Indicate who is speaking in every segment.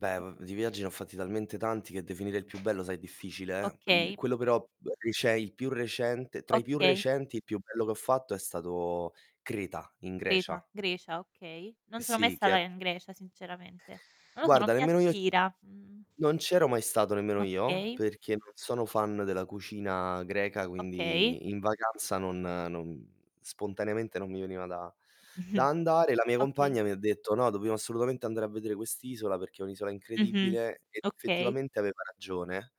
Speaker 1: Beh
Speaker 2: I
Speaker 1: v di viaggi ne ho fatti talmente tanti che definire il più bello sai è difficile, eh. Il
Speaker 2: Okay.
Speaker 1: quello però b cioè il più recente tra i più
Speaker 2: Okay.
Speaker 1: recenti il più bello che ho fatto è stato Creta in
Speaker 2: Creta,
Speaker 1: Grecia.
Speaker 2: Grecia, okay. Non sono mai
Speaker 1: Sì che
Speaker 2: stata
Speaker 1: è
Speaker 2: in Grecia sinceramente. Non lo so, non
Speaker 1: Guarda
Speaker 2: mi
Speaker 1: nemmeno io
Speaker 2: attira, mhmm.
Speaker 1: non c'ero mai stato nemmeno io
Speaker 2: Okay.
Speaker 1: perché non sono fan della cucina greca
Speaker 2: Okay.
Speaker 1: quindi in vacanza non non spontaneamente non mi veniva da da andare. La mia
Speaker 2: Okay.
Speaker 1: compagna mi ha detto: "No dobbiamo assolutamente andare a vedere quest'isola perché è un'isola
Speaker 2: Mh-mh.
Speaker 1: incredibile", e
Speaker 2: Okay.
Speaker 1: effettivamente aveva ragione.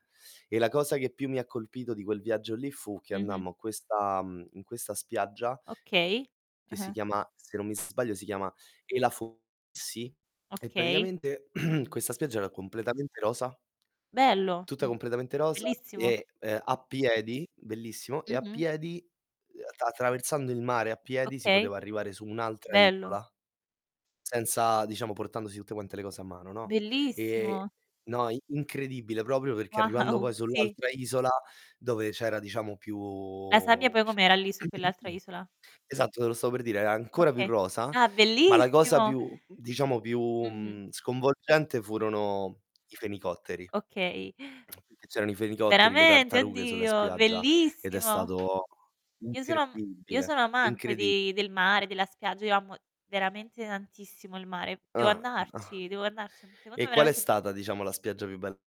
Speaker 1: E la cosa che più mi ha colpito di quel viaggio lì fu che
Speaker 2: Mh-mh.
Speaker 1: andammo a questa, mhmm, in questa spiaggia
Speaker 2: Okay.
Speaker 1: che si
Speaker 2: Ah-ah.
Speaker 1: chiama, se non mi sbaglio si chiama Elafonisi, e
Speaker 2: Okay.
Speaker 1: praticamente, questa spiaggia era completamente rosa.
Speaker 2: Bello
Speaker 1: Tutta
Speaker 2: mhmm
Speaker 1: completamente rosa
Speaker 2: bellissimo.
Speaker 1: e, ehm, a piedi, bellissimo, e a
Speaker 2: Mh-mh.
Speaker 1: piedi, ehm, attr attraversando il mare a piedi si
Speaker 2: Okay.
Speaker 1: poteva arrivare su un'altra
Speaker 2: Bello.
Speaker 1: isola senza diciamo portandosi tutte quante le cose a mano, no? Ehm, e
Speaker 2: Bellissimo!
Speaker 1: no i incredibile proprio perché arrivando
Speaker 2: Wow
Speaker 1: poi
Speaker 2: Sì.
Speaker 1: sull'altra isola dove c'era diciamo più
Speaker 2: La sabbia poi
Speaker 1: pi
Speaker 2: com'era lì su quell'altra isola?
Speaker 1: esatto, te lo stavo per dire, era ancora più
Speaker 2: Okay.
Speaker 1: rosa.
Speaker 2: Ah,
Speaker 1: Ma la cosa
Speaker 2: bellissimo!
Speaker 1: più diciamo più,
Speaker 2: Mh-mh.
Speaker 1: mhmm, sconvolgente furono i fenicotteri,
Speaker 2: Okay.
Speaker 1: che c'erano i fenicotteri, le
Speaker 2: Veramente?
Speaker 1: tartarughe sulla
Speaker 2: Oddio,
Speaker 1: spiaggia, ed è
Speaker 2: bellissimo!
Speaker 1: stato
Speaker 2: Io sono m io
Speaker 1: incredibile,
Speaker 2: sono amante
Speaker 1: incredibile.
Speaker 2: di del mare, della spiaggia, io amo veramente tantissimo il mare. Devo
Speaker 1: Ah, ah.
Speaker 2: andarci, devo andarci. Secondo
Speaker 1: E
Speaker 2: me
Speaker 1: qual è
Speaker 2: vermente b
Speaker 1: stata diciamo la spiaggia più bel